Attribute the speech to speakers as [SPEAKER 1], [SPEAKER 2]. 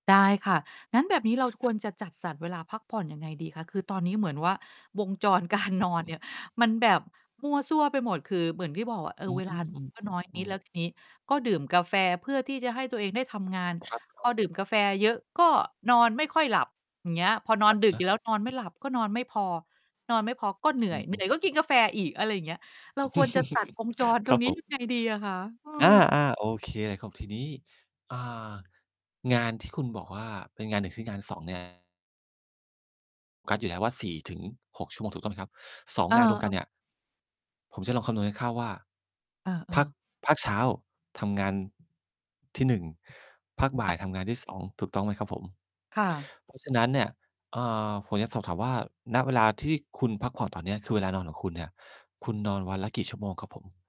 [SPEAKER 1] ได้ค่ะ งั้นแบบนี้เราควรจะจัดสรรเวลาพักผ่อนยังไงดีคะ? คือตอนนี้เหมือนว่า วงจร การนอน
[SPEAKER 2] อ
[SPEAKER 1] เน
[SPEAKER 2] ืม
[SPEAKER 1] ี่ย มันแบบมั่วซั่วไปหมด คือเหมือนที่บอกอะ เอ
[SPEAKER 2] อื
[SPEAKER 1] อ
[SPEAKER 2] ม
[SPEAKER 1] เวลา นอ
[SPEAKER 2] อืม
[SPEAKER 1] น ก็น้อย
[SPEAKER 2] อ
[SPEAKER 1] น
[SPEAKER 2] ื
[SPEAKER 1] ิด แ
[SPEAKER 2] ม
[SPEAKER 1] ล้วทีนี้ก็ดื่มกาแฟ เพื่อที่จะให้ตัวเองได้ทำงาน
[SPEAKER 2] ครับ คร
[SPEAKER 1] พ
[SPEAKER 2] ั
[SPEAKER 1] อ
[SPEAKER 2] บ
[SPEAKER 1] ดื่มกาแฟเยอะ ก็นอนไม่ค่อยหลับ อย่างเงี้ย พอนอ
[SPEAKER 2] อ
[SPEAKER 1] น
[SPEAKER 2] ะ
[SPEAKER 1] ดึ
[SPEAKER 2] ฮ
[SPEAKER 1] กอย
[SPEAKER 2] ะ
[SPEAKER 1] ู่แล้ว นอนไม่หลับ ก็นอนไม่พอ นอนไม่พอ ก็เหนื่
[SPEAKER 2] อ
[SPEAKER 1] อ
[SPEAKER 2] ื
[SPEAKER 1] ย เหนื่
[SPEAKER 2] อ ๆ
[SPEAKER 1] อยก็กินกาแฟอีก อะไรอย่างเงี้ย เราควรจะตัดวง จร
[SPEAKER 2] ค
[SPEAKER 1] ตร
[SPEAKER 2] รั
[SPEAKER 1] ง
[SPEAKER 2] บ
[SPEAKER 1] นี้
[SPEAKER 2] ผ
[SPEAKER 1] ย
[SPEAKER 2] ม
[SPEAKER 1] ังไงดี อะคะ? เอ
[SPEAKER 2] อา
[SPEAKER 1] อ
[SPEAKER 2] ๆ โอเคครับ ทีนี้ อ่า งานที่คุณบอกว่าเป็นงาน 1 คืองาน 2 งาน กะอยู่แล้วว่า 4-6 ชั่วโมงถูกต้องไหมครับ? 2
[SPEAKER 1] อา
[SPEAKER 2] งานรวม
[SPEAKER 1] เ
[SPEAKER 2] ก
[SPEAKER 1] อ
[SPEAKER 2] ันเนี
[SPEAKER 1] อ
[SPEAKER 2] ่ย ผมจะลองคำนวณคร่าว ๆ ว่า
[SPEAKER 1] เอ
[SPEAKER 2] ภา
[SPEAKER 1] อ
[SPEAKER 2] ค
[SPEAKER 1] ๆ
[SPEAKER 2] ภาคเช้าทำงาน ที่ 1 ภาคบ่า
[SPEAKER 1] อา
[SPEAKER 2] ยทำงานที่ 2 ถูกต้องไหมครับผม?
[SPEAKER 1] ค่ะ
[SPEAKER 2] เพราะฉะนั้นเนี่ย เอ่อ ผมอยากสอบถามว่า ณ เวลาที่คุณพักผ่อนตอน เนี้ย คือเวลานอนของคุณเนี่ย คุณนอนวันละกี่ชั่วโมงครับผม?